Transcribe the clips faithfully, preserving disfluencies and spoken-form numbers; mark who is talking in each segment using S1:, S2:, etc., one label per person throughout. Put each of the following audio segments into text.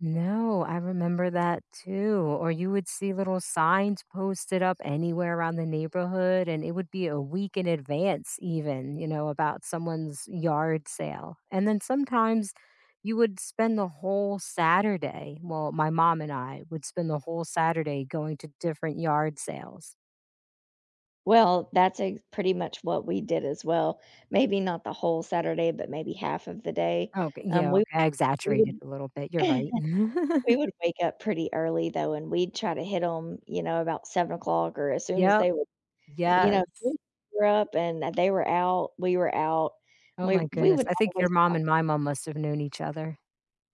S1: No, I remember that too, or you would see little signs posted up anywhere around the neighborhood and it would be a week in advance, even, you know, about someone's yard sale and then sometimes you would spend the whole Saturday, well, my mom and I would spend the whole Saturday going to different yard sales.
S2: Well, that's ex pretty much what we did as well maybe not the whole Saturday, but maybe half of the day
S1: Okay,
S2: um,
S1: yeah,
S2: we
S1: okay, I
S2: we
S1: exaggerated
S2: would
S1: a little bit you're right.
S2: We would wake up pretty early though and we'd try to hit 'em, you know, about seven o'clock or as soon as
S1: Yup,
S2: they were you know, we
S1: yes.
S2: grew up and they were out we were out
S1: Oh
S2: we
S1: my
S2: we
S1: goodness,
S2: would
S1: I think your
S2: always,
S1: mom
S2: uh
S1: and my mom must have known each other.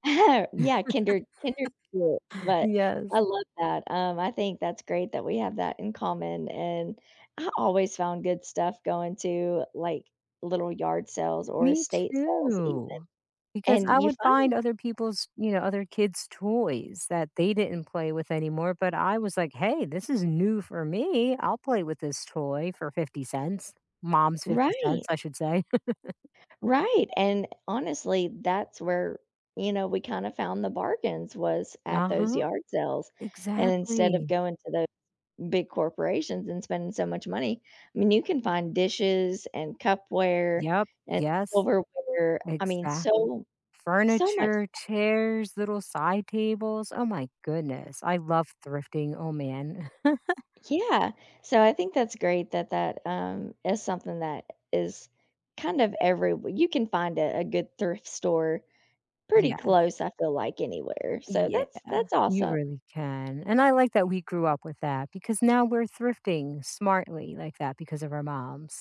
S2: Yeah, Kinder Kinder [unintelligible] but I
S1: Yes.
S2: love that, um, I think that's great that we have that in common, and I always found good stuff going to, like, little yard sales or
S1: Me
S2: estate sales even.
S1: too, because
S2: And
S1: I
S2: you
S1: would find
S2: find
S1: other people's, you know, other kids' toys that they didn't play with anymore, but I was, like,"Hey, this is new for me, I'll play with this toy for fifty cents," Mom's fifty
S2: Right.
S1: cents I should say.
S2: Right and honestly, that's where, you know, we kinda found the bargains was at those
S1: Uh-huh.
S2: yard sales and instead of
S1: Exactly.
S2: going to the big corporations and spending so much money I mean, you can find dishes and cupware
S1: Yup,
S2: and
S1: yes,
S2: silverware I mean,
S1: exactly.
S2: so, so much.
S1: Furniture, chairs, little side tables, oh my goodness, I love thrifting, oh man.
S2: Yeah, so I think that's great that that, um, is something that is kind of everywhe you can find a a good thrift store pretty
S1: Yes.
S2: close, I feel like anywhere so
S1: Y
S2: that's
S1: yeah,
S2: that's
S1: you
S2: awesome.
S1: really can and I like that we grew up with that, because now we're thrifting smartly like that because of our moms.